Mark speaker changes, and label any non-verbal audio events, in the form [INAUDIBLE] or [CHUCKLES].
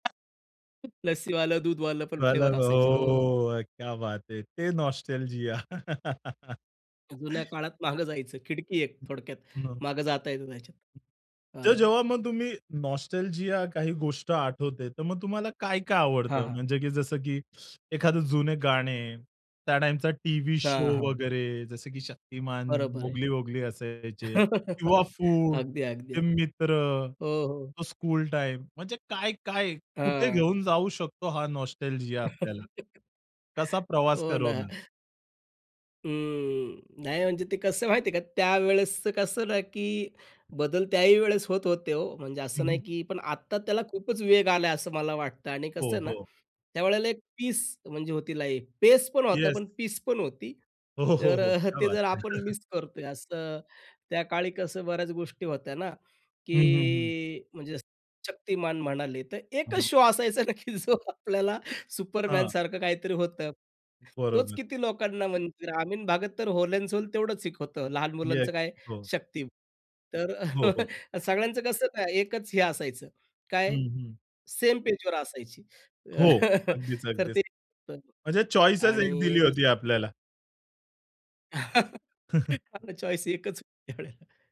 Speaker 1: लस्सीवालं, दूधवालं पण
Speaker 2: [UNINTELLIGIBLE]
Speaker 1: फ्लेवर असायचे, हो.
Speaker 2: हो क्या बात है! ते नॉस्टॅल्जिया. [LAUGHS]
Speaker 1: जुन्या काळात मागे जायचं. खिडकी एक थोडक्यात
Speaker 2: हं.
Speaker 1: मागं जाता येत त्याच्यात,
Speaker 2: तर
Speaker 1: हं.
Speaker 2: जेव्हा मग तुम्ही नॉस्टॅल्जिया काही गोष्ट आठवते, तर मग तुम्हाला काय-काय
Speaker 1: हां,
Speaker 2: आवडतं?
Speaker 1: हां.
Speaker 2: म्हणजे की जसं, की एखादं जुने गाणे, त्या टाईमचा टीव्ही शो
Speaker 1: हां, हां.
Speaker 2: वगैरे जसं की शक्तिमान,
Speaker 1: बरोबर आहे.
Speaker 2: मोगली-वोगली असायचे. किंवा
Speaker 1: [LAUGHS]
Speaker 2: फूड,
Speaker 1: अगदी, अगदी
Speaker 2: ते
Speaker 1: हां.
Speaker 2: मित्र,
Speaker 1: हो, हो.
Speaker 2: तो स्कूल टाईम म्हणजे काय-काय कुठे
Speaker 1: हं.
Speaker 2: घेऊन जाऊ शकतो हा नॉस्टॅल्जिया आपल्याला.
Speaker 1: [LAUGHS]
Speaker 2: कसा प्रवास
Speaker 1: हो ना.
Speaker 2: करवणार?
Speaker 1: अ, नाही, म्हणजे ते कसंय माहिती आहे का? त्यावेळेसचं कसं ना, की बदल त्या ही वेळेस होत होते, हो, म्हणजे
Speaker 2: हं,
Speaker 1: असं नाही
Speaker 2: हं.
Speaker 1: की पण आत्ता त्याला खूपच वेग आलाय, असं मला वाटतं. आणि कसं
Speaker 2: हो,
Speaker 1: आहे ना,
Speaker 2: हो.
Speaker 1: त्यावेळेला एक पीस म्हणजे होती, लाईफ, पेसपण होता
Speaker 2: येस.
Speaker 1: पण पीस पण होती.
Speaker 2: हो, हो,
Speaker 1: तर
Speaker 2: हो.
Speaker 1: अ,
Speaker 2: क्या
Speaker 1: ते
Speaker 2: बात
Speaker 1: जर
Speaker 2: है!
Speaker 1: आपण
Speaker 2: [CHUCKLES]
Speaker 1: मिस करतोय. असं त्या काळी कसं बऱ्याच गोष्टी होत्या ना,
Speaker 2: हं, हं, हं.
Speaker 1: की म्हणजे असं शक्तिमान म्हणाले, तर एकच
Speaker 2: हं.
Speaker 1: शो असायचा ना की जो आपल्याला
Speaker 2: हां.
Speaker 1: सुपरमॅनसारखं काहीतरी होतं. तोच
Speaker 2: बरोबर.
Speaker 1: किती लोकांना म्हणजे ग्रामीण भागात तर व्होल एंड सोल तेवढंच एक होतं. लहान
Speaker 2: येस,
Speaker 1: मुलांचं काय आहे
Speaker 2: हो.
Speaker 1: शक्ती तर
Speaker 2: हो, हो.
Speaker 1: [CHUCKLES] सगळ्यांचं कसं ना एकच हे असायचं.
Speaker 2: हं,
Speaker 1: काय
Speaker 2: हं.
Speaker 1: सेम पेजवर असायची!
Speaker 2: हो,
Speaker 1: [CHUCKLES]
Speaker 2: अगदीच,
Speaker 1: तर
Speaker 2: अगदीच.
Speaker 1: ते, पण
Speaker 2: म्हणजे चॉईसच एक
Speaker 1: आणि
Speaker 2: दिली
Speaker 1: दुस
Speaker 2: होती आपल्याला.
Speaker 1: [CHUCKLES] हा
Speaker 2: [CHUCKLES]
Speaker 1: ना चॉईस एकच होती त्यावेळेला.